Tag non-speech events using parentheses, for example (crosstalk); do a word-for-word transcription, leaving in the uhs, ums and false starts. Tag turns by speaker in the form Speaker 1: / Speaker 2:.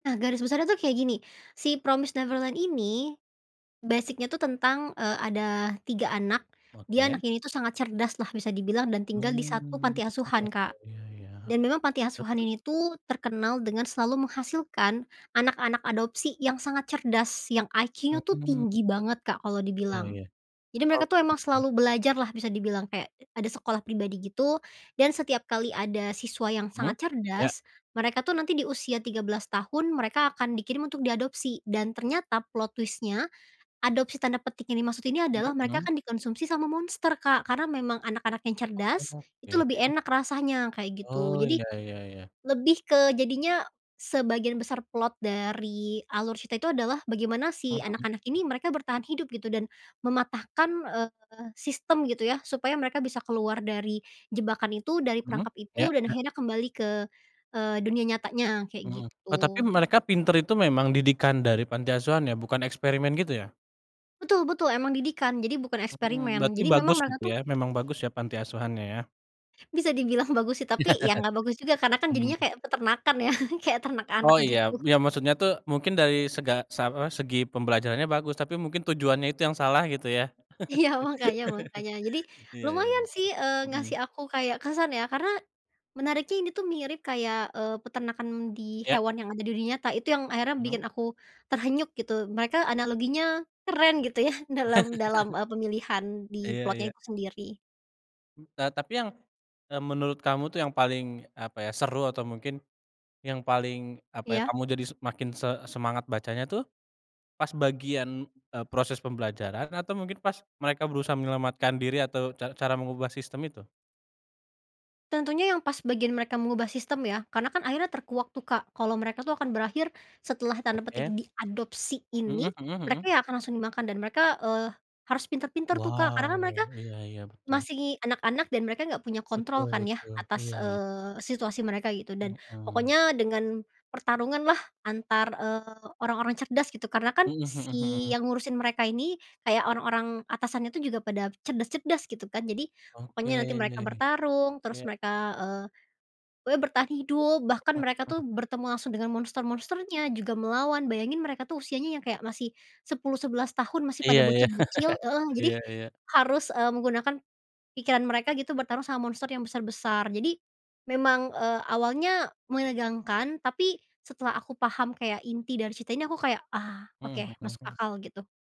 Speaker 1: Nah, garis besarnya tuh kayak gini. Si Promised Neverland ini basic-nya tuh tentang, eee, ada tiga anak. Dia
Speaker 2: Oke
Speaker 1: anak ini tuh, sangat cerdaslah bisa dibilang dan tinggal di satu
Speaker 2: Mmm,
Speaker 1: panti
Speaker 2: iya
Speaker 1: asuhan,
Speaker 2: iya
Speaker 1: Kak.
Speaker 2: iya iya.
Speaker 1: Dan memang panti
Speaker 2: Nah,
Speaker 1: asuhan
Speaker 2: terus?
Speaker 1: ini, tuh, terkenal dengan selalu menghasilkan anak-anak adopsi yang sangat cerdas, yang IQ-nya, tuh,
Speaker 2: Mmm.
Speaker 1: tinggi banget, Kak, kalau
Speaker 2: Iya
Speaker 1: dibilang.
Speaker 2: iya.
Speaker 1: Jadi mereka,
Speaker 2: Oh,
Speaker 1: tuh, emang
Speaker 2: iya.
Speaker 1: selalu belajar lah bisa dibilang. Kek, ada sekolah pribadi gitu dan setiap kali ada siswa yang
Speaker 2: Mmm.
Speaker 1: sangat
Speaker 2: Iya.
Speaker 1: cerdas, mereka, tuh nanti di usia tiga belas tahun, mereka akan dikirim untuk diadopsi dan ternyata plot twist-nya. Adopsi tanda petik yang dimaksud ini
Speaker 2: Mmm
Speaker 1: adalah mereka
Speaker 2: mmm?
Speaker 1: akan dikonsumsi sama monster, Kak, karena memang anak-anak yang cerdas, itu
Speaker 2: Oke.
Speaker 1: lebih enak rasanya kayak gitu.
Speaker 2: Oh,
Speaker 1: Jadi
Speaker 2: iya iya iya.
Speaker 1: lebih ke jadinya sebagian besar plot dari alur cerita itu adalah bagaimana si
Speaker 2: Mmm, mhm.
Speaker 1: anak-anak ini, mereka bertahan hidup gitu dan mematahkan, eee, sistem gitu, ya, supaya mereka bisa keluar dari jebakan itu, dari
Speaker 2: Mmm,
Speaker 1: perangkap itu,
Speaker 2: iya
Speaker 1: dan
Speaker 2: iya.
Speaker 1: akhirnya kembali ke, eee, dunia nyatanya, kayak,
Speaker 2: Mmm. Eee, tapi
Speaker 1: gitu.
Speaker 2: mereka pintar itu memang didikan dari panti asuhan, ya? Bukan eksperimen gitu, ya?
Speaker 1: Betul betul. Emang didikan. Jadi, bukan
Speaker 2: Hmm.
Speaker 1: eksperimen.
Speaker 2: Berarti
Speaker 1: Jadi, memang
Speaker 2: bagus
Speaker 1: mereka,
Speaker 2: gitu,
Speaker 1: tuh
Speaker 2: ya? Memang bagus, ya, panti asuhannya, ya?
Speaker 1: bisa dibilang bagus, sih, tapi, ya, nggak bagus juga,
Speaker 2: (chuckles)
Speaker 1: karena, kan,
Speaker 2: Hmm.
Speaker 1: jadinya kayak peternakan, ya kayak ternak anak,
Speaker 2: Oh, iya,
Speaker 1: gitu.
Speaker 2: ya maksudnya tuh mungkin dari sega se apa, segi pembelajarannya bagus, tapi mungkin tujuannya itu yang salah gitu, ya?
Speaker 1: Iya mangkanya mangkanya. Jadi,
Speaker 2: (chuckles) iya iya
Speaker 1: lumayan,
Speaker 2: iya,
Speaker 1: sih, eee,
Speaker 2: mhm.
Speaker 1: ngasih aku kayak kesan, ya, karena menariknya ini tuh mirip kayak, eee, peternakan di
Speaker 2: Iya.
Speaker 1: hewan yang ada di dunia nyata. Itu yang akhirnya
Speaker 2: Mmm.
Speaker 1: bikin aku terhenyuk gitu. Mereka analoginya keren gitu, ya, dalam dalam, eee, pemilihan
Speaker 2: (chuckles)
Speaker 1: di
Speaker 2: Iya
Speaker 1: plotnya
Speaker 2: iya.
Speaker 1: itu sendiri.
Speaker 2: Eee, tapi yang, eee, menurut kamu, tuh, yang paling, apa ya, seru atau mungkin yang paling, apa ya,
Speaker 1: Iya.
Speaker 2: kamu jadi se makin se semangat bacanya, tuh, pas bagian, eee, proses pembelajaran atau mungkin pas mereka berusaha menyelamatkan diri atau ca cara mengubah sistem itu?
Speaker 1: Tentunya yang pas bagian mereka mengubah sistem, ya. Karena, kan, akhirnya terkuak tuh, Kak, kalau mereka tuh akan berakhir setelah tanda petik
Speaker 2: Oke.
Speaker 1: diadopsi ini.
Speaker 2: Mmm, mhm
Speaker 1: Mereka
Speaker 2: mhm.
Speaker 1: ya akan langsung dimakan dan mereka, eee, harus pintar-pintar tuh, Kak, karena, kan,
Speaker 2: Wow.
Speaker 1: mereka
Speaker 2: Iya iya, betul.
Speaker 1: masih anak-anak dan mereka gak punya
Speaker 2: Betul
Speaker 1: kontrol, kan, ya,
Speaker 2: betul.
Speaker 1: atas,
Speaker 2: Iya iya.
Speaker 1: eee, situasi mereka gitu. Dan
Speaker 2: Mmm.
Speaker 1: pokoknya dengan pertarunganlah, antar, eee orang-orang cerdas gitu. Karena, kan,
Speaker 2: Mmm, mhm
Speaker 1: si
Speaker 2: mhm.
Speaker 1: yang ngurusin mereka ini kayak orang-orang atasannya itu juga pada cerdas-cerdas gitu, kan. Jadi,
Speaker 2: Oke,
Speaker 1: pokoknya nanti mereka bertarung, terus
Speaker 2: iya.
Speaker 1: mereka, eee, we bertahan hidup. Bahkan
Speaker 2: Mmm,
Speaker 1: mereka,
Speaker 2: mhm.
Speaker 1: tuh, bertemu langsung dengan monster-monsternya juga melawan. Bayangin mereka, tuh, usianya yang kayak masih sepuluh sebelas tahun. Masih
Speaker 2: Iya
Speaker 1: pada
Speaker 2: iya.
Speaker 1: bocil-bocil
Speaker 2: (chuckles)
Speaker 1: heeh. Jadi,
Speaker 2: Iya iya.
Speaker 1: harus, eee, menggunakan pikiran mereka gitu bertarung sama monster yang besar-besar. Jadi memang, eee, awalnya menegangkan, tapi setelah aku paham kayak inti dari cerita ini, aku kayak, "Ah,
Speaker 2: Mmm,
Speaker 1: oke,
Speaker 2: mhm,
Speaker 1: masuk
Speaker 2: hmm.
Speaker 1: akal," gitu.